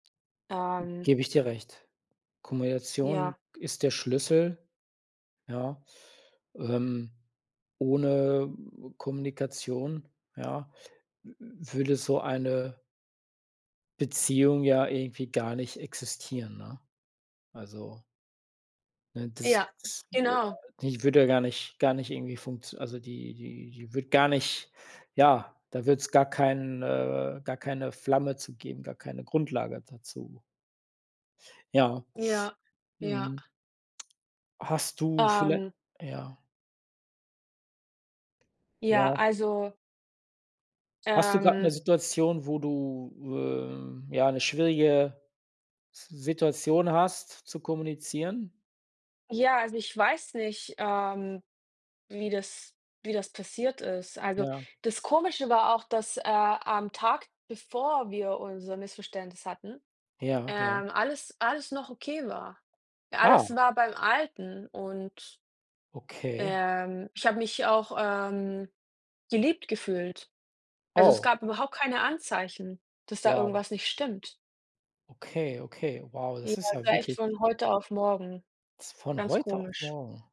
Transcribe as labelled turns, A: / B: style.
A: Ähm.
B: Gebe ich dir recht. Kommunikation
A: Ja.
B: ist der Schlüssel, ja, ähm ohne Kommunikation, ja, w würde so eine Beziehung ja irgendwie gar nicht existieren, ne? Also ne, das
A: Ja,
B: das
A: genau.
B: [unintelligible] die würde ja gar nicht gar nicht irgendwie funktio also die die die würde gar nicht ja, da würde es gar keinen äh, gar keine Flamme zu geben gar keine Grundlage dazu. Ja,
A: Ja. Ja.
B: mhm. Hast du viellei
A: Ähm.
B: ja?
A: Ja.
B: Ja.
A: Also
B: Hast du grad 'ne
A: Ähm.
B: Situation, wo du, ähm, ja, 'ne schwierige Situation hast zu kommunizieren?
A: Ja, also ich weiß nicht, ähm, wie das wie das passiert ist. Also,
B: Ja.
A: das Komische war auch, dass, äh, am Tag, bevor wir unser Missverständnis hatten,
B: Ja, ja.
A: ähm, alles alles noch okay war
B: Ah.
A: alles war beim Alten und
B: Okay.
A: ähm, ich habe mich auch, ähm, geliebt gefühlt. Also, es
B: Oh.
A: gab überhaupt keine Anzeichen, dass da
B: Wow.
A: irgendwas nicht stimmt.
B: Okay, okay, wow,
A: Ja,
B: das ist
A: es
B: ja
A: war echt
B: wirklich
A: von heute auf morgen.
B: z von
A: Ganz
B: heute auf
A: komisch.
B: morgen.